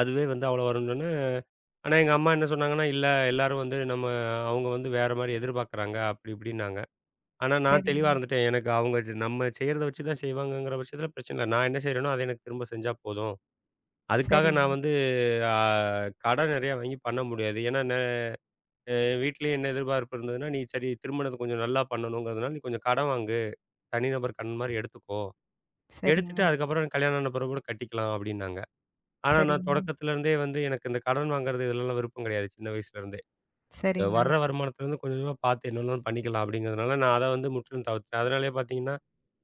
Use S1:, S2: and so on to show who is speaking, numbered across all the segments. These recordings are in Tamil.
S1: அதுவே வந்து அவ்வளோ வரும்னோன்னே [unintelligible] ஆனா எங்க அம்மா என்ன சொன்னாங்கன்னா, "இல்ல, எல்லாரும் வந்து, நம்ம அவங்க வந்து வேற மாரி எதிர்பார்க்கிறாங்க." அப்படி இப்படின்னாங்க. ஆனா நான் தெளிவா
S2: சரிங்க.
S1: இருந்துட்டேன். எனக்கு அவங்க ச நம்ம செய்யறத வச்சு தான் செய்வாங்கங்கற பச்சத்துல பிரச்சனை இல்ல. நான் என்ன செய்யறேனோ அதை எனக்குத் திரும்பச் செஞ்சா போதும். அதுக்காக நான்
S2: சரிங்
S1: வந்து ஆ, கடன் நெறைய வாங்கி பண்ண முடியாது. ஏன்னா ந அ வீட்டுல என்ன எதிர்பார்ப்பு இருந்ததுனா, "நீ சரி திருமணத்தை கொஞ்சம் நல்லா பண்ணணும்ங்கறதுனால நீ கொஞ்சம் கடன் வாங்கு, தனிநபர் கடன் மாரி எடுத்துக்கோ, எடுத்துட்டு
S2: சரிங்க.
S1: அதுக்கப்பறம் கல்யாணம் ஆன பிறகு கட்டிக்கலாம்," அப்படின்னாங்க. ஆனா நான்
S2: சரிங்க.
S1: தொடக்கத்துல இருந்தே, வந்து எனக்கு இந்தக் கடன் வாங்குறது இதெல்லாம் விருப்பம் கிடையாது. சின்ன வயசுல இருந்தே
S2: சரிங்க.
S1: வர்ற வருமானத்துல இருந்து கொஞ்சம் கொஞ்சம் பாத்து என்ன வேணாலும் பண்ணிக்கலாம் அப்படிங்கறதுனால, நான் அதை வந்து முற்றிலும் தவிர்த்தேன். அதனாலே பார்த்தீங்கன்னா,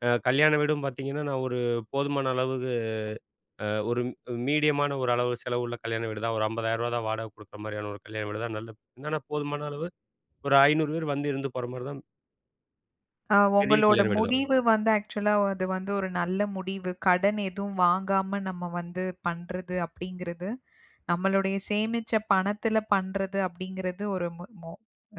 S1: அ கல்யாண வீடும் பார்த்தீங்கன்னா நான் ஒரு போதுமான அளவுக்கு. ஆ, ஒரு மீடியம் ஆன ஒரு அளவு செலவு உள்ள கல்யாண வீடு தான். ஒரு ரூ. 50,000 வாடகை கொடுக்கிற மாரியான ஒரு கல்யாண வீடு தான். நல்ல போதுமான அளவு, ஒரு 500 பேர் வந்து இருந்து போற மாரி தான்
S2: ஆ,
S1: பெரிய
S2: உங்களோட
S1: கல்யாண வீடு தான்.
S2: முடிவு வந்து ஆக்ச்சுவலா ஆ அது வந்து ஒரு நல்ல முடிவு. கடன் எதுவும் வாங்காம, நம்ம வந்து பண்றது அப்படிங்கிறது. நம்மளுடைய சேமிச்ச பணத்துல பண்றது அப்படிங்கிறது ஒரு மொ மொ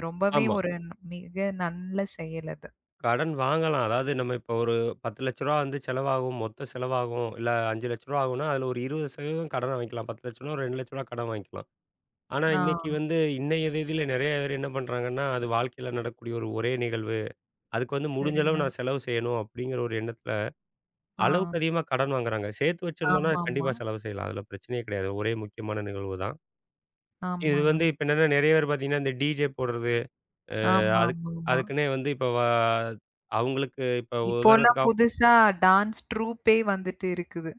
S2: ரொம்பவே
S1: ஆமா.
S2: ஒரு ந மிக நல்ல செயல் அது.
S1: கடன் வாங்கலாம். அதாவது நம்ம இப்ப ஒரு ரூ. 10,00,000 வந்து செலவாகும். மொத்த செலவாகும் இல்ல, ரூ. 5,00,000 ஆகும். அதுல ஒரு 20% கடன் வாங்கலாம். ரூ. 10,00,000 ஒரு ரூ. 2,00,000 கடன் வாங்கிலாம். ஆனா இன்னைக்கு
S2: ஆ.
S1: வந்து, இன்னைய தேதியில் நெறைய பேர் என்ன பண்றாங்கன்னா, அது வாழ்க்கையில நடக்கக்கூடிய ஒரே நிகழ்வு. அதுக்கு வந்து முடிஞ்ச அளவு
S2: சரிங்க.
S1: நான் செலவு செய்யணும், அப்படிங்கற ஒரு எண்ணத்துல அளவுக்கு
S2: ஆ.
S1: அதிகமா கடன் வாங்குறாங்க. சேர்த்து வச்சிருந்தோம்னா
S2: ஆமாமா.
S1: கண்டிப்பா செலவு செய்யலாம். அதுல பிரச்சனையே கிடையாது. ஒரே முக்கியமான நிகழ்வுதான். இது வந்து
S2: ஆமாங்க.
S1: இப்ப என்னன்னா, நெறைய பேர் பார்த்தீங்கன்னா, இந்த டிஜே போடுறது. ஆ,
S2: ஆமா,
S1: அது
S2: ஆமாமா.
S1: அதுக்கு வந்து இப்ப ஆ, அவங்களுக்கு இப்ப ஒரு
S2: இப்போ எல்லாம்
S1: உதாரணத்துக்கு ஆகும்
S2: புதுசா டான்ஸ் ட்ரூப்பே வந்துட்டு இருக்குது.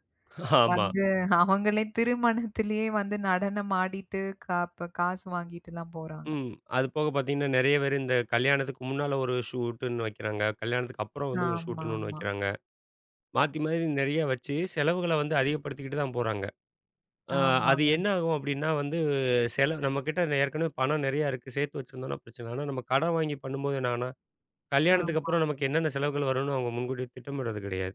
S1: ஆமா.
S2: வந்து அவங்களே திருமணத்திலேயே வந்து நடனமாடிட்டு, காப் காசு வாங்கிட்டுலாம் போறாங்க.
S1: ம். அது போகப் பாத்தீங்கன்னா, நெறைய பேரு இந்த கல்யாணத்துக்கு முன்னால ஒரு ஷூட்ன்னு வைக்கிறாங்க. கல்யாணத்துக்கு அப்பறம் வந்து ஒரு ஷூட்ன்னு ஒண்ணு
S2: ஆமாமா.
S1: வைக்கிறாங்க. மாத்தி மாத்தி நெறைய வச்சு செலவுகளை வந்து அதிகப்படுத்திக்கிட்டு தான் போறாங்க. அ அது
S2: ஆமாங்க.
S1: என்ன ஆகும் அப்படின்னா, வந்து செலவு நம்ம கிட்ட ஏற்கனவே பணம் நெறைய இருக்கு. சேர்த்து வச்சிருந்தோம்னா பிரச்சனை இல்ல. ஆனா, நம்ம கடன் வாங்கி பண்ணும் போது என்ன ஆகும்னா, கல்யாணத்துக்கு
S2: ஆமா.
S1: அப்பறம் நமக்கு என்னென்ன செலவுகள் வரும்னு அவுங்க முன்கூட்டித் திட்டமிடறது கிடையாது.